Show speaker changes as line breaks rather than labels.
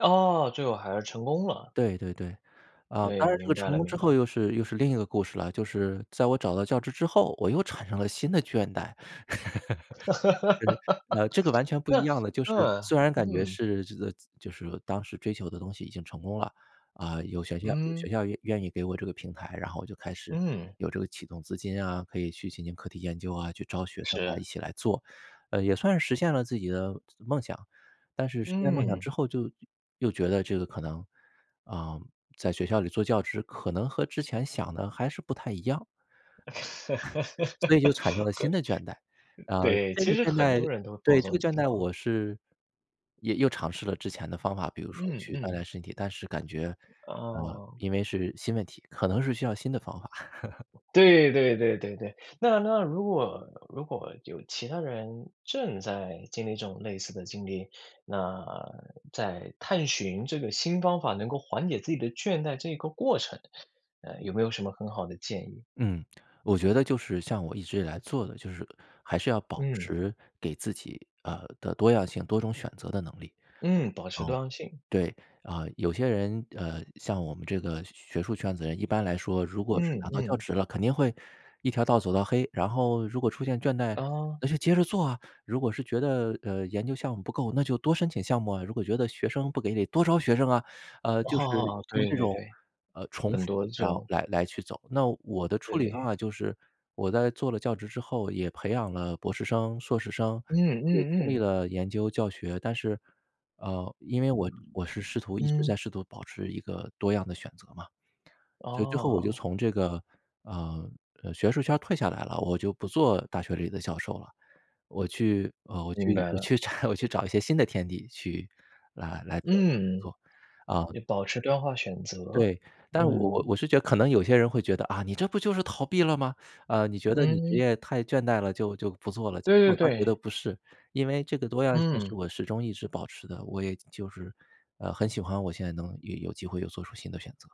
哦，最后还是成功了。
对对对。啊，
对，
当然这个
明白
成
了，
功之
明
后
白。
又是又是另一个故事了，就是在我找到教职之后，我又产生了新的倦怠。呃，呃，这个完全不一样的，就是
啊，啊，
虽然感觉
嗯。
是这个就是当时追求的东西已经成功了，啊，有学校有
嗯。
学校愿愿意给我这个平台，然后我就开始
嗯。
有这个启动资金啊，可以去进行课题研究啊，去招学生啊，一
是。
起来做，呃，也算实现了自己的梦想，但是实现梦想
嗯。
之后就又觉得这个可能，啊，在学校里做教职可能和之前想的还是不太一样。
很嗯，
所以就产生了新的倦怠，啊，
对，
这
其
个
实
倦
很
怠
多人都会碰到
对，
这
这个
种
倦
情
怠我
况。
是也又尝试了之前的方法，比如说
嗯，
去锻炼
嗯。
身体，但是感觉，啊，
哦。
因为是新问题，可能是需要新的方法。
对，对对对对。那那如果，如果有其他人正在经历这种类似的经历，那，在探寻这个新方法能够缓解自己的倦怠这个过程，呃，有没有什么很好的建议？
嗯，我觉得就是像我一直以来做的，就是还是要保
嗯。
持给自己，呃，的多样性，多种选择的能力。
嗯，保持多
哦，
样性。
对，啊，有些人呃，像我们这个学学术圈子人，一般来说如果是
嗯，
拿到教
嗯。
职了，肯定会一条道儿走到黑，然后如果出现倦怠
哦。
那就接着做啊，如果是觉得，呃，研究项目不够，那就多申请项目啊，如果觉得学生不给你多招学生啊，呃，就是
哦，
用
对，
这
对，
种，
对。
呃，重
很
复
多这
然后
种。
来来去走。那我的处理方
对。
法就是，我在做了教职之后也培养了博士生、硕士生，
嗯，
也
嗯，
经历
嗯。
了研究教学。但是，呃，因为我我是试图一直在
嗯。
试图保持一个多样的选择嘛。所以最后我就
哦。
从这个，呃，呃，学术圈儿退下来了，我就不做大学里的教授了，我去呃，我
明
去
白
我
了。
去拆我去找一些新的天地去来来工
嗯，
作，啊。
也保持多样化选择，
对，但我
嗯。
我是觉得可能有些人会觉得，啊，你这不就是逃避了吗？啊，你觉得你职
嗯。
业太倦怠了，就就不做了。
对
我
对
倒觉得
对。
不是，因为这个多样性是
嗯。
我始终一直保持的，我也就是呃，很喜欢我现在能有有机会又做出新的选择。